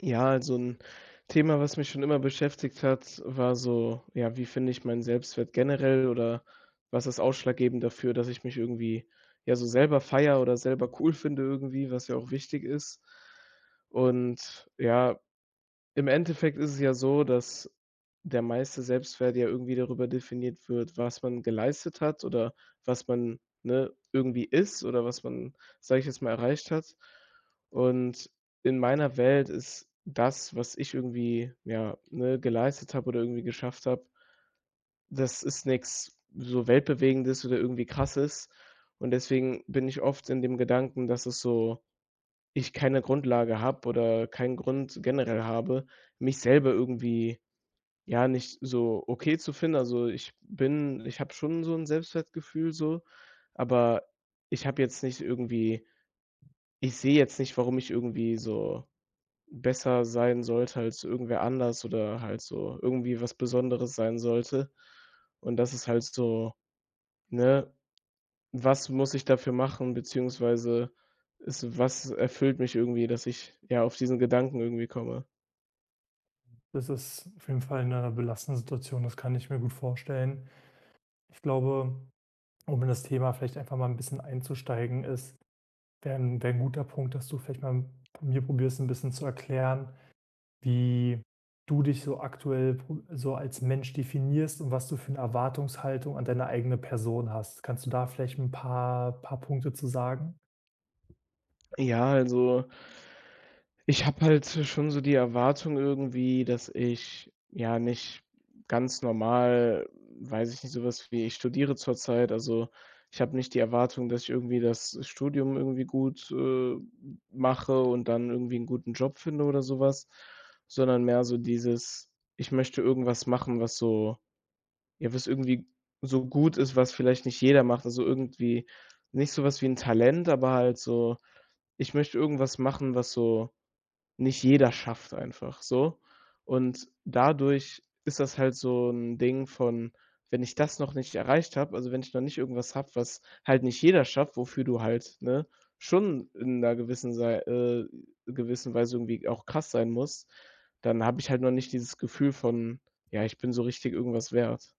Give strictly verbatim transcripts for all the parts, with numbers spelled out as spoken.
Ja, also 'n Thema, was mich schon immer beschäftigt hat, war so: Ja, wie finde ich meinen Selbstwert generell, oder was ist ausschlaggebend dafür, dass ich mich irgendwie ja so selber feiere oder selber cool finde, irgendwie, was ja auch wichtig ist. Und ja, im Endeffekt ist es ja so, dass der meiste Selbstwert ja irgendwie darüber definiert wird, was man geleistet hat oder was man, ne, irgendwie ist, oder was man, sage ich jetzt mal, erreicht hat. Und in meiner Welt ist das, was ich irgendwie, ja, ne, geleistet habe oder irgendwie geschafft habe das ist nix so weltbewegendes oder irgendwie Krasses. Und deswegen bin ich oft in dem Gedanken, dass es so ich keine Grundlage habe oder keinen Grund generell habe, mich selber irgendwie, ja, nicht so okay zu finden. Also, ich bin ich habe schon so 'n Selbstwertgefühl so, aber ich habe jetzt nicht irgendwie ich sehe jetzt nicht, warum ich irgendwie so besser sein sollte als irgendwer anders oder halt so irgendwie was Besonderes sein sollte. Und das ist halt so ne, was muss ich dafür machen? Beziehungsweise es was erfüllt mich irgendwie, dass ich, ja, auf diesen Gedanken irgendwie komme? Das ist auf jeden Fall 'ne belastende Situation. Das kann ich mir gut vorstellen. Ich glaube, um in das Thema vielleicht einfach mal 'n bisschen einzusteigen ist wäre 'n wäre 'n guter Punkt, dass du vielleicht mal mir probierst, 'n bisschen zu erklären, wie du dich so aktuell pro so als Mensch definierst, und was du für 'ne Erwartungshaltung an deine eigene Person hast. Kannst du da vielleicht 'n paar paar Punkte zu sagen? Ja, also ich habe halt so schon so die Erwartung irgendwie, dass ich, ja, nicht ganz normal weiß ich nicht, sowas wie ich studiere zurzeit. Also, ich habe nicht die Erwartung, dass ich irgendwie das Studium irgendwie gut, äh, mache und dann irgendwie 'n guten Job finde oder sowas, sondern mehr so dieses: „Ich möchte irgendwas machen, was so ja, was irgendwie so gut ist, was vielleicht nicht jeder macht.” Also irgendwie nicht sowas wie 'n Talent, aber halt so: Ich möchte irgendwas machen, was so nicht jeder schafft. einfach so. Und dadurch ist das halt so 'n Ding von: Wenn ich das noch nicht erreicht habe. Also, wenn ich dann nicht irgendwas habe, was halt nicht jeder schafft, wofür du halt, ne, schon in 'ner gewissen Sei äh, gewissen Weise irgendwie auch krass sein musst, dann habe ich halt noch nicht dieses Gefühl von: „Ja, ich bin so richtig irgendwas wert.”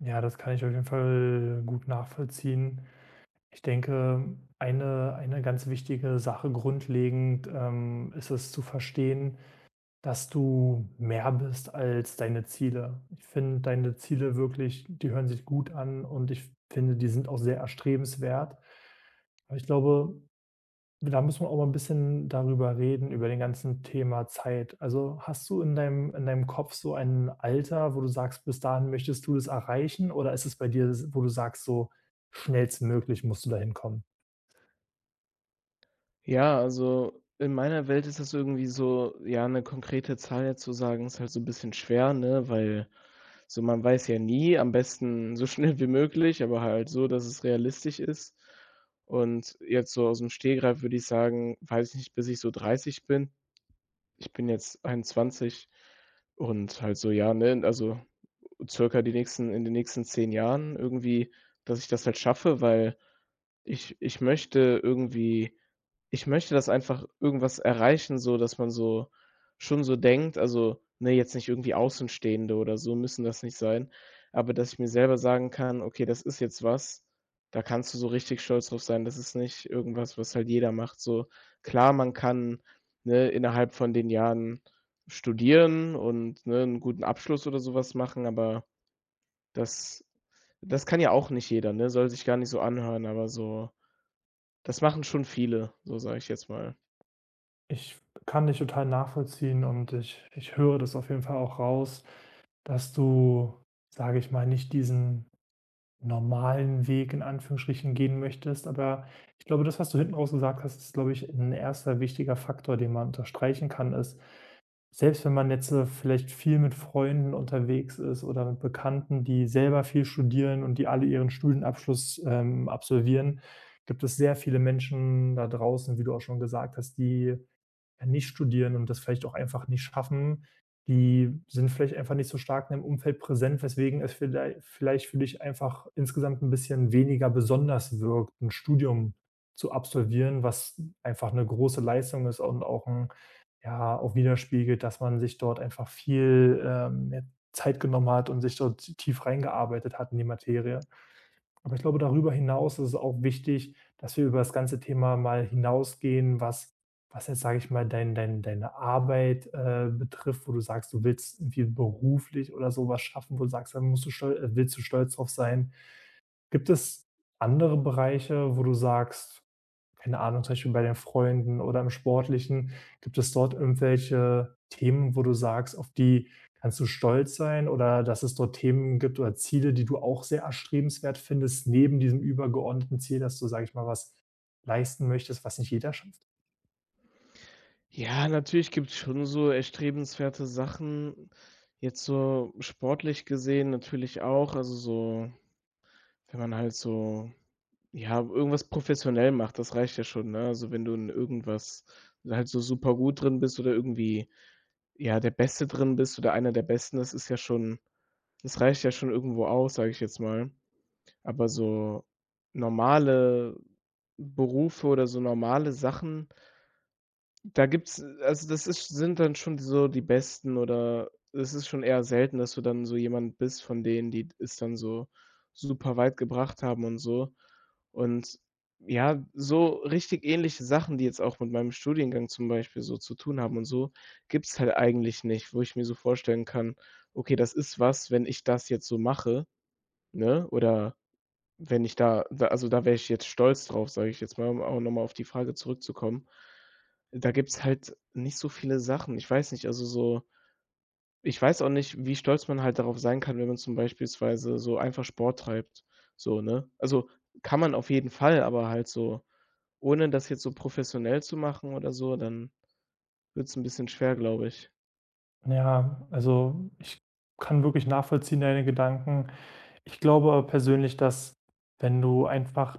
Ja, das kann ich auf jeden Fall gut nachvollziehen. Ich denke, eine eine ganz wichtige Sache, grundlegend, ähm, ist es, zu verstehen, dass du mehr bist als deine Ziele. Ich finde deine Ziele wirklich die hören sich gut an. Und ich f finde, die sind auch sehr erstrebenswert. Aber ich glaube, da muss man auch mal 'n bisschen darüber reden, über den ganzen Thema Zeit. Also hast du in deinem in deinem Kopf so ein Alter, wo du sagst, bis dahin möchtest du es erreichen, oder ist es bei dir s wo du sagst, so schnellstmöglich musst du dahin kommen? Ja. Also, in meiner Welt ist das irgendwie so ja, 'ne konkrete Zahl jetzt zu sagen ist halt so 'n bisschen schwer, ne? Weil so man weiß ja nie am besten, so schnell wie möglich, aber halt so, dass es realistisch ist. Und jetzt so ausm Stegreif, würde ich sagen weiß ich nicht, bis ich so dreißig bin? Ich bin jetzt einundzwanzig und halt so ja, ne also circa die nächsten in den nächsten zehn Jahren irgendwie, dass ich das halt schaffe, weil ich ich möchte irgendwie ich möchte das einfach irgendwas erreichen, so dass man so schon so denkt, also ne, jetzt nicht irgendwie Außenstehende oder so müssen das nicht sein. Aber dass ich mir selber sagen kann, okay, das ist jetzt was. Da kannst du so richtig stolz drauf sein. Das ist nicht irgendwas, was halt jeder macht, so. Klar, man kann, ne, innerhalb von den Jahren studieren und, ne, 'n guten Abschluss oder sowas machen. Aber das das kann ja auch nicht jeder, ne? Soll sich gar nicht so anhören, aber so das machen schon viele, so sage ich jetzt mal. Ich f p kann dich total nachvollziehen. Und ich ich höre das auf jeden Fall auch raus, dass du, sage ich mal, nicht diesen normalen Weg in Anführungsstrichen gehen möchtest. Aber ich glaube, das, was du hinten raus gesagt hast, ist, glaube ich, 'n erster wichtiger Faktor, den man unterstreichen kann ist selbst wenn man jetzt, ne, vielleicht viel mit Freunden unterwegs ist oder mit Bekannten, die selber viel studieren und die alle ihren Studienabschluss, ähm, absolvieren, gibt es sehr viele Menschen da draußen, wie du auch schon gesagt hast, die ja nicht studieren und das vielleicht auch einfach nicht schaffen. Die sind vielleicht einfach nicht so stark in dem Umfeld präsent, weswegen es viellei vielleicht für dich einfach insgesamt 'n bisschen weniger besonders wirkt, 'n Studium zu absolvieren, was einfach 'ne große Leistung ist und auch 'n, ja, auch widerspiegelt, dass man sich dort einfach viel, ähm, ja, Zeit genommen hat und sich dort t tief reingearbeitet hat in die Materie. Aber ich glaube, darüber hinaus ist es auch wichtig, dass wir über das ganze Thema mal hinausgehen, was was jetzt sage ich mal, dein dein deine Arbeit, äh, betrifft wo du sagst, du willst irgendwie beruflich oder so was schaffen wo du sagst, dann musst du stol äh, willst du stolz drauf sein. Gibt es andere Bereiche, wo du sagst keine Ahnung, zum Beispiel bei deinen Freunden oder im Sportlichen, gibt es dort irgendwelche Themen, wo du sagst, auf die kannst du stolz sein, oder dass es dort Themen gibt oder Ziele, die du auch sehr erstrebenswert findest neben diesem übergeordneten Ziel, dass du, sage ich mal was leisten möchtest, was nicht jeder schafft? Ja, natürlich gibt's schon so erstrebenswerte Sachen. Jetzt so sportlich gesehen natürlich auch, also so wenn man halt so, ja, irgendwas professionell macht. Das reicht ja schon, ne? Also, wenn du in irgendwas halt so super gut drin bist oder irgendwie, ja, der Beste drin bist oder einer der Besten, das ist ja schon das reicht ja schon irgendwo aus, sage ich jetzt mal. Aber so normale Berufe oder so normale Sachen da gibt's, äh, also, das ist sind dann schon so die Besten, oder es ist schon eher selten, dass du dann so jemand bist von denen, die das dann so super weit gebracht haben und so. Und ja, so richtig ähnliche Sachen, die jetzt auch mit meinem Studiengang zum Beispiel so zu tun haben und so, gibt's halt eigentlich nicht. Wo ich mir so vorstellen kann: „Okay, das ist was, wenn ich das jetzt so mache, ne, oder wenn ich da w also, da wäre ich jetzt stolz drauf, sage ich jetzt mal, um a um auch nochmal auf die Frage zurückzukommen. Da gibt's halt nicht so viele Sachen. Ich weiß nicht, also so Ich weiß auch nicht, wie stolz man halt darauf sein kann, wenn man zum beispielsweise so einfach Sport treibt, so, ne? Also kann man auf jeden Fall, aber halt so ohne das jetzt so professionell zu machen oder so dann wird's 'n bisschen schwer, glaube ich. Ja, also, ich kann wirklich nachvollziehen, deine Gedanken. Ich glaube aber persönlich, dass, wenn du einfach,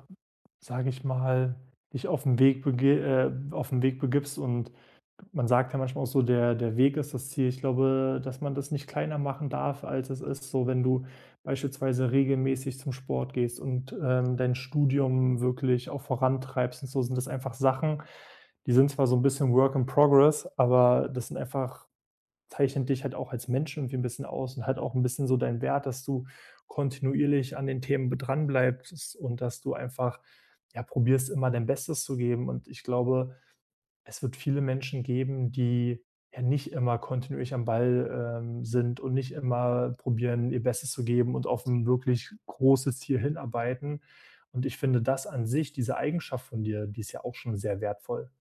sage ich mal, dich auf 'n Weg bege äh, auf 'n Weg begibst. Und man sagt ja manchmal auch so „Der der Weg ist das Ziel“. Ich glaube, dass man das nicht kleiner machen darf, als es ist. So, wenn du beispielsweise regelmäßig zum Sport gehst und, ähm, dein Studium wirklich auch vorantreibst und so, sind das einfach Sachen, die sind zwar so 'n bisschen work in progress, aber das sind einfach zeichnet dich halt auch als Mensch irgendwie 'n bisschen aus und halt auch 'n bisschen so deinen Wert, dass du kontinuierlich an den Themen b dranbleibst und dass du einfach, ja, probierst, immer dein Bestes zu geben. Und ich glaube, es wird viele Menschen geben, die, ja, nicht immer kontinuierlich am Ball, ähm, sind und nicht immer probieren, ihr Bestes zu geben und auf 'n wirklich großes Ziel hinarbeiten. Und ich finde das an sich, diese Eigenschaft von dir, die ist ja auch schon sehr wertvoll.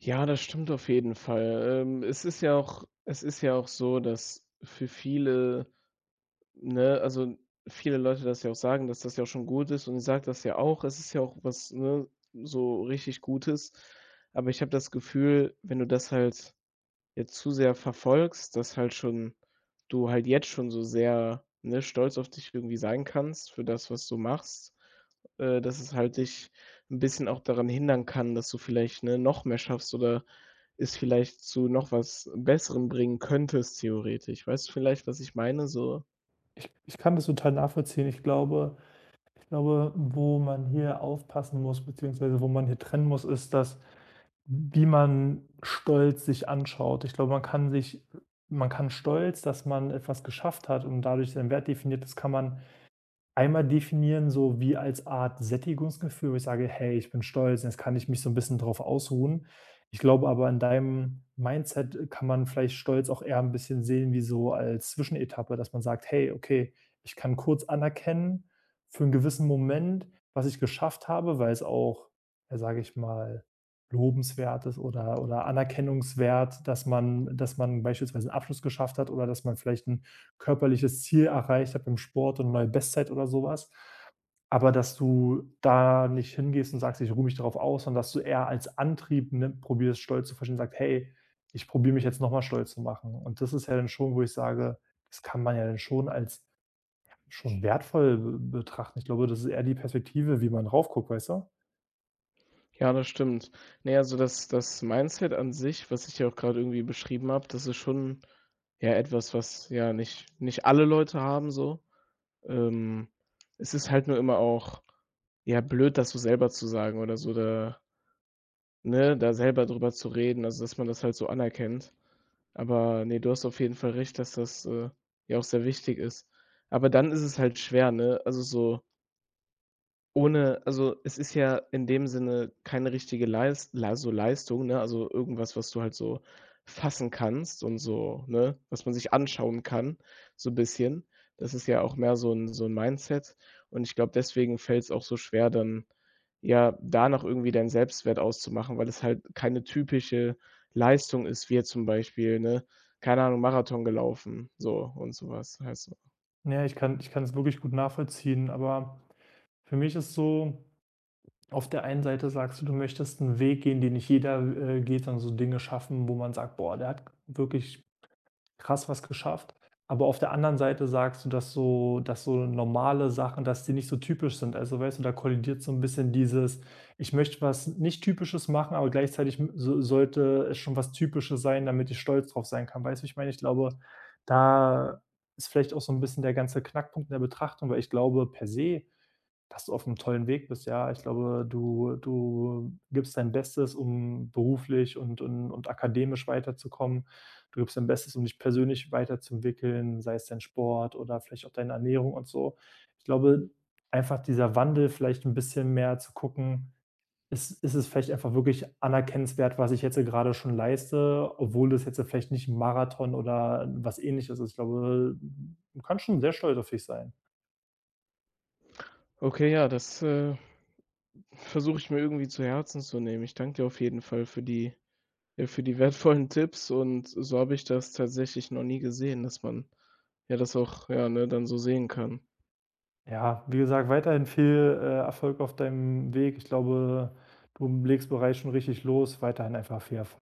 Ja, das stimmt auf jeden Fall. Ähm, es ist ja auch es ist ja auch so, dass für viele ne, also viele Leute das ja auch sagen, dass das ja auch schon gut ist. Und ich sage das ja auch. Es ist ja auch was, ne, so richtig Gutes. Aber ich habe das Gefühl, wenn du das halt jetzt zu sehr verfolgst, dass halt schon du halt jetzt schon so sehr, ne, stolz auf dich irgendwie sein kannst für das, was du machst, äh, dass es halt dich 'n bisschen auch daran hindern kann, dass du vielleicht, ne, noch mehr schaffst oder es vielleicht zu noch was Besserem bringen könntest, theoretisch. Weißt du vielleicht, was ich meine, so? Ich ich kann das total nachvollziehen. Ich glaube ich glaube, wo man hier aufpassen muss, beziehungsweise wo man hier trennen muss, ist das, wie man Stolz sich anschaut. Ich glaube, man kann sich äh, man kann Stolz, dass man etwas geschafft hat und dadurch seinen Wert definiert ist kann man, einmal definieren, so wie als Art Sättigungsgefühl, wo ich sage: „Hey, ich bin stolz, jetzt kann ich mich so 'n bisschen darauf ausruhen." Ich glaube aber an deinem Mindset, äh, kann man vielleicht stolz auch eher ein bisschen sehen wie so als Zwischenetappe, dass man sagt: „Hey, okay, ich kann kurz anerkennen, für 'n gewissen Moment, was ich geschafft habe", weil es auch, ja, sage ich mal, lobenswert ist oder oder anerkennungswert, dass man äh, dass man beispielsweise 'nen Abschluss geschafft hat oder dass man vielleicht 'n körperliches Ziel erreicht hat beim Sport und neue Bestzeit oder sowas. Aber dass du da nicht hingehst und sagst: „Ich ruhe mich darauf aus" sondern dass du eher als Antrieb, ne, probierst, Stolz zu verstehen, sagst: „Hey, ich probiere mich jetzt nochmal stolz zu machen." Und das ist ja dann schon, wo ich sage das kann man ja dann schon als, ja, schon wertvoll, äh, betrachten. Ich glaube, das ist eher die Perspektive, wie man rauf guckt, weißt du? Ja, das stimmt. Ne, also das das Mindset an sich, was ich ja auch gerade irgendwie beschrieben habe, das ist schon ja, etwas, was ja nicht nicht alle Leute haben so. Ähm, es ist halt nur immer auch ja, blöd, das so selber zu sagen oder so da ne, da selber darüber zu reden. Also, dass man das halt so anerkennt. Aber ne, du hast auf jeden Fall recht, dass das, äh, ja auch sehr wichtig ist. Aber dann ist es halt schwer, ne? Also so ohne, also, es ist ja in dem Sinne keine richtige Leist la so Leistung, ne? Also irgendwas, was du halt so fassen kannst und so ne, was man sich anschauen kann, so 'n bisschen. Das ist ja auch mehr so 'n so 'n Mindset. Und ich glaube, deswegen fällt's auch so schwer, dann ja da noch irgendwie deinen Selbstwert auszumachen, weil es halt keine typische Leistung ist, wie jetzt zum Beispiel, ne, keine Ahnung, Marathon gelaufen, so und so was halt so. Naja, ich kann ich kann es wirklich gut nachvollziehen, aber für mich ist es so auf der einen Seite sagst du, du möchtest 'n Weg gehen, den nicht jeder, w äh, geht sondern so Dinge schaffen, wo man sagt: „Boah, der hat wirklich krass was geschafft.“ Aber auf der anderen Seite sagst du, dass so dass so normale Sachen dass die nicht so typisch sind. Also weißt du, da kollidiert so 'n bisschen dieses: „Ich möchte was nicht typisches machen, aber gleichzeitig m so sollte es schon was Typisches sein, damit ich stolz darauf sein kann“, weißt du, wie ich meine? Ich glaube, da ist vielleicht auch so 'n bisschen der ganze Knackpunkt in der Betrachtung, weil ich glaube per se, dass du auf 'nem tollen Weg bist. Ja, ich glaube, du du gibst dein Bestes, um beruflich und und und akademisch weiterzukommen. Du gibst dein Bestes, um dich persönlich weiterzuentwickeln, sei es dein Sport oder vielleicht auch deine Ernährung und so. Ich glaube einfach dieser Wandel vielleicht 'n bisschen mehr zu gucken: „Ist ist es vielleicht einfach wirklich anerkennenswert, was ich jetzt gerade schon leiste, obwohl das jetzt vielleicht nicht 'n Marathon oder was Ähnliches ist.“ Ich glaube, du kannst schon sehr stolz auf dich sein. Okay, ja, das, äh, versuche ich mir irgendwie zu Herzen zu nehmen. Ich danke dir auf jeden Fall für die äh, für die wertvollen Tipps und so habe ich das tatsächlich noch nie gesehen, dass man, ja, das auch, ja, ne, dann so sehen kann. Ja, wie gesagt, weiterhin viel, äh, Erfolg auf deinem Weg. Ich glaube, du legst bereits schon richtig los, weiterhin einfach viel erf